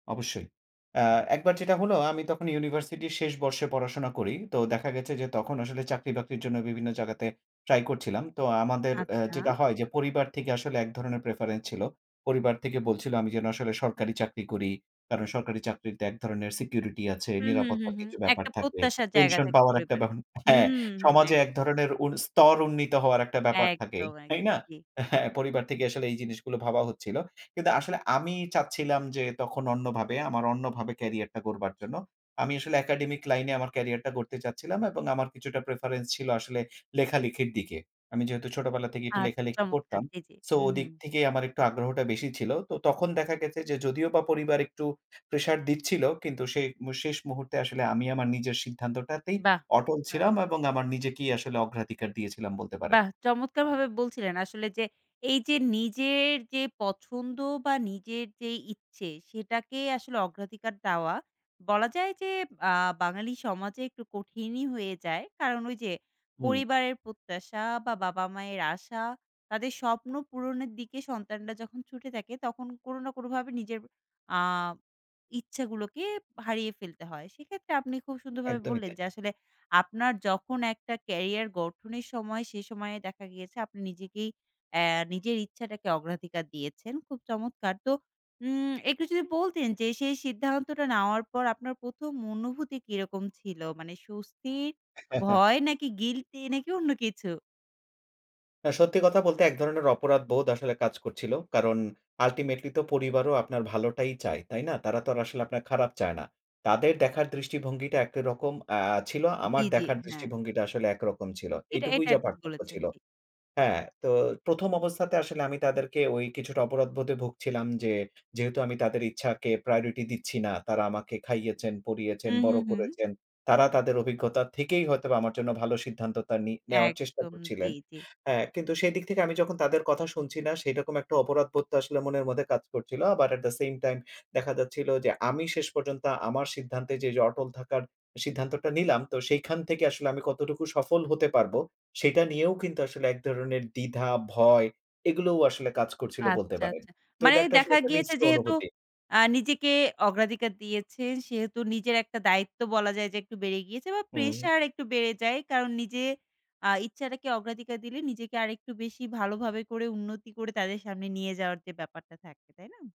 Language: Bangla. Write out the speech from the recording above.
অবশ্যই। অ্যা একবার যেটা হলো, আমি তখন ইউনিভার্সিটির শেষ বর্ষে পড়াশোনা করি। তো দেখা গেছে যে, তখন আসলে চাকরি-বাকরির জন্য বিভিন্ন জায়গাতে ট্রাই করছিলাম। তো আমাদের অ্যা আচ্ছা। যেটা হয় যে, পরিবার থেকে আসলে এক ধরনের প্রেফারেন্স ছিল। পরিবার থেকে বলছিল, আমি যেন আসলে সরকারি চাকরি করি। কারণ সরকারি চাকরিতে এক ধরনের সিকিউরিটি আছে, হুম, হুম, হুম, নিরাপত্তার হুম। কিছু ব্যাপার একটা থাকে। প্রত্যাশার জায়গা পেনশন থাকে পাওয়ার একটা পরিবারে। বহন হ্যাঁ, হুউম, হুম, সমাজে একদম। এক ধরণের উন স্তর উন্নীত হওয়ার একটা ব্যাপার থাকে। একদম, তাই একদম না? ঠিক। হ্যাঁ, পরিবার থেকে আসলে এই জিনিসগুলো ভাবা হচ্ছিল। কিন্তু আসলে আমি চাচ্ছিলাম যে তখন অন্যভাবে, আমার অন্যভাবে ক্যারিয়ারটা গড়বার জন্য। আমি আসলে একাডেমিক লাইনে আমার ক্যারিয়ারটা গড়তে চাচ্ছিলাম। এবং আমার কিছুটা প্রেফারেন্স ছিল আসলে, লেখালেখির দিকে। আমি যেহেতু ছোটবেলা থেকেই একটু আচ্ছা, লেখালেখি চমৎকার! করতাম। জ্বী, জ্বী। সো হু, হু। ওদিক থেকেই আমার একটু আগ্রহটা বেশি ছিল। তো, তখন দেখা গেছে যে, যদিওবা পরিবার একটু প্রেশার দিচ্ছিল, কিন্তু শে মু শেষ মুহূর্তে আসলে আমি আমার নিজের সিদ্ধান্তটাতেই বাহ! অটল বাহ! ছিলাম। এবং আমার নিজেকেই আসলে অগ্রাধিকার দিয়েছিলাম, বলতে পারেন। বাহ! চমৎকার ভাবে বলছিলেন আসলে যে, এই যে নিজের যে পছন্দ বা নিজের যে ইচ্ছে, সেটাকে আসলে অগ্রাধিকার দেওয়া। বলা যায় যে, আ বাঙালি সমাজে একটু কঠিনই হয়ে যায়। কারণ, ওই যে হুম। পরিবারের প্রত্যাশা বা বাবা-মায়ের আশা। তাদের স্বপ্ন পূরণের দিকে সন্তানরা যখন ছুটে থাকে, তখন কোনো না কোনোভাবে নিজের আ ইচ্ছাগুলোকে হারিয়ে ফেলতে হয়। সেক্ষেত্রে আপনি খুব সুন্দরভাবে একদমই বললেন তাই। যে আসলে, আপনার যখন একটা ক্যারিয়ার গঠনের সময়, সে সময়ে দেখা গিয়েছে আপনি নিজেকেই অ্যা নিজের ইচ্ছাটাকে অগ্রাধিকার দিয়েছেন। খুব চমৎকার! তো, উম একটু যদি বলতেন যে, সেই সিদ্ধান্তটা নেওয়ার পর আপনার ১ম অনুভূতি কিরকম ছিল? মানে স্বস্তির, ভয়, নাকি গিল্টি, নাকি অন্য কিছু? হ্যাঁ, সত্যি কথা বলতে এক ধরনের অপরাধবোধ আসলে কাজ করছিল। কারণ, আল্টিমেটলি তো পরিবারও আপনার ভালোটাই চায়। তাই না? তারা তো আসলে আপনার খারাপ চায় না। তাদের দেখার দৃষ্টিভঙ্গিটা একটারকম অ্যা ছিল, আমার জ্বী, জ্বী। দেখার হ্যাঁ। দৃষ্টিভঙ্গিটা আসলে একরকম ছিল। এটা, এটুকুই এটা যা ঠিক পার্থক্য বলেছেন। ছিল। জ্বী। হ্যাঁ, তো ১ অবস্থাতে আসলে আমি তাদেরকে ঐ কিছুটা অপরাধবোধে ভুগছিলাম যে, যেহেতু আমি তাদের ইচ্ছাকে প্রায়োরিটি দিচ্ছি না। তারা আমাকে খাইয়েছেন, পরিয়েছেন, হু, হু, বড় হু। করেছেন। তারা তাদের অভিজ্ঞতা থেকেই হয়তোবা আমার জন্য ভালো সিদ্ধান্তটা নি নেওয়ার চেষ্টা একদম। করছিলেন। জ্বী, জ্বী। অ্যা কিন্তু সেদিক থেকে আমি যখন তাদের কথা শুনছি না, সেরকম একটা অপরাধবোধ তো আসলে মনের মধ্যে কাজ করছিল। আবার অ্যাট দা সেইম টাইম দেখা যাচ্ছিল যে, আমি শেষ পর্যন্ত আমার সিদ্ধান্তে এই যে অটল থাকার, সিদ্ধান্তটা নিলাম। তো সেইখান থেকে আসলে আমি কতটুকু সফল হতে পারবো? সেটা নিয়েও কিন্তু আসলে এক ধরনের দ্বিধা, ভয়, এগুলোও আসলে কাজ করছিলো বলতে আচ্ছা, পারেন। আচ্ছা। তো মানে এটা একটা আসলে দেখা একটা গিয়েছে মিশ্র যেহেতু, অনুভূতি। অ্যা নিজেকে অগ্রাধিকার দিয়েছেন। সেহেতু নিজের একটা দায়িত্ব বলা যায় যে, একটু বেড়ে গিয়েছে বা হুম। প্রেশার একটু বেড়ে যায়। কারণ নিজের, আ ইচ্ছাটাকে অগ্রাধিকার দিলে, নিজেকে আরেকটু বেশি ভালোভাবে করে, উন্নতি করে, তাদের সামনে নিয়ে যাওয়ার যে ব্যাপারটা থাকে। তাই না?